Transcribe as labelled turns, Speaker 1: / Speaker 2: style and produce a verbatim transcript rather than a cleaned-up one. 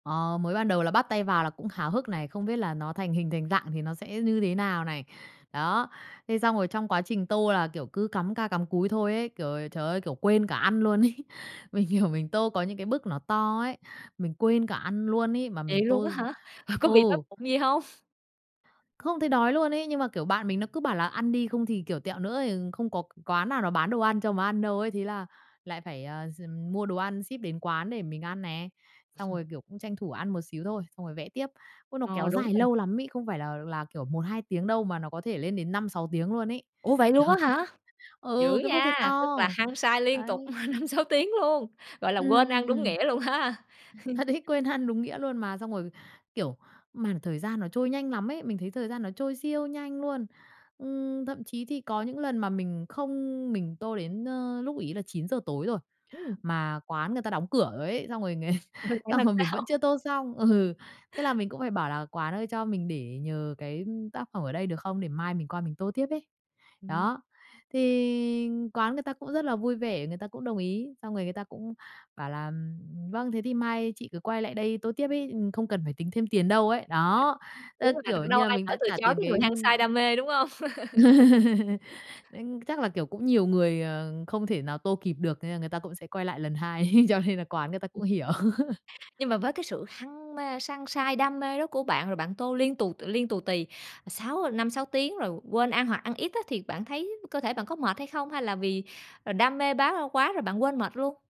Speaker 1: Ờ, mới ban đầu là bắt tay vào là cũng háo hức này, không biết là nó thành hình thành dạng thì nó sẽ như thế nào này. Đó. Thế xong rồi trong quá trình tô là, kiểu, cứ cắm ca cắm cúi thôi ấy, kiểu, trời ơi, kiểu, quên cả ăn luôn ấy. Mình hiểu mình tô có những cái bức nó to ấy, mình quên cả ăn luôn ấy mà mình
Speaker 2: Vậy luôn
Speaker 1: tô
Speaker 2: á
Speaker 1: d
Speaker 2: hả? Có bị đói
Speaker 1: Ừ.
Speaker 2: bụng gì hông?
Speaker 1: Không thấy đói luôn ấy, nhưng mà, kiểu, bạn mình nó cứ bảo là ăn đi không thì, kiểu, tẹo nữa, ờ, không có c quán nào nó bán đồ ăn cho mà ăn đâu ấy, thế là lại phải, à, gi mua đồ ăn ship đến quán để mình ăn nè. Xong rồi, kiểu, cũng tranh thủ ăn một xíu thôi, xong rồi vẽ tiếp. Ôi, nó
Speaker 2: Ờ,
Speaker 1: kéo
Speaker 2: đúng
Speaker 1: dài
Speaker 2: rồi.
Speaker 1: lâu lắm ấy, không phải là là, kiểu, một hai tiếng đâu mà nó có thể lên đến năm sáu tiếng luôn ấy.
Speaker 2: Ủa, vậy
Speaker 1: Đó.
Speaker 2: luôn á hả? Dữ
Speaker 1: Ừ, cái bức hơi
Speaker 2: nha! Tức
Speaker 1: to,
Speaker 2: là hăng say liên tục
Speaker 1: đấy.
Speaker 2: năm sáu tiếng luôn! Gọi là
Speaker 1: Ừm,
Speaker 2: quên ăn
Speaker 1: ừm,
Speaker 2: đúng
Speaker 1: ừm.
Speaker 2: nghĩa luôn ha!
Speaker 1: Thật ấy, quên ăn đúng nghĩa luôn mà. Xong rồi, kiểu, mà thời gian nó trôi nhanh lắm ấy, mình thấy thời gian nó trôi siêu nhanh luôn. Ừm, thậm chí thì có những lần mà mình không mình tô đến, a, lúc ấy là chín giờ tối rồi,
Speaker 2: Ừm.
Speaker 1: mà quán người ta đóng cửa ấy, xong rồi
Speaker 2: Rồi phải
Speaker 1: xong
Speaker 2: làm
Speaker 1: rồi mình
Speaker 2: sao?
Speaker 1: vẫn chưa tô xong. Ừ, thế là mình cũng phải bảo là "Quán ơi, cho mình để nhờ cái tác phẩm ở đây được không? Để mai mình qua mình tô tiếp ấy."
Speaker 2: Ừm.
Speaker 1: Đó, thì quán người ta cũng rất là vui vẻ, người ta cũng đồng ý, xong người người ta cũng bảo là, ừm, ừm, "Vâng, thế thì mai chị cứ quay lại đây tô tiếp" ấy, ừ, "Không cần phải tính thêm tiền đâu" ấy. Đó,
Speaker 2: Đúng
Speaker 1: tức
Speaker 2: rồi
Speaker 1: kiểu
Speaker 2: [unintelligible] đâu
Speaker 1: như là,
Speaker 2: ai
Speaker 1: mình
Speaker 2: nỡ
Speaker 1: đã
Speaker 2: từ
Speaker 1: trả
Speaker 2: chối
Speaker 1: tiền
Speaker 2: cái người
Speaker 1: cái
Speaker 2: hăng say đam mê, đúng hông?
Speaker 1: [unintelligible] Chắc là, kiểu, cũng nhiều người, ờ, không thể nào tô kịp được nên là người ta cũng sẽ quay lại lần hai cho nên là quán người ta cũng
Speaker 2: Ừm.
Speaker 1: hiểu.
Speaker 2: Nhưng mà với cái sự hăng mê săng sai, đam mê đó của bạn rồi bạn tô liên tù liên tù tì sáu năm, sáu tiếng rồi quên ăn hoặc ăn ít á thì bạn thấy cơ thể bạn có mệt hay không, hay là vì, ờ, đam mê bá quá rồi bạn quên mệt luôn?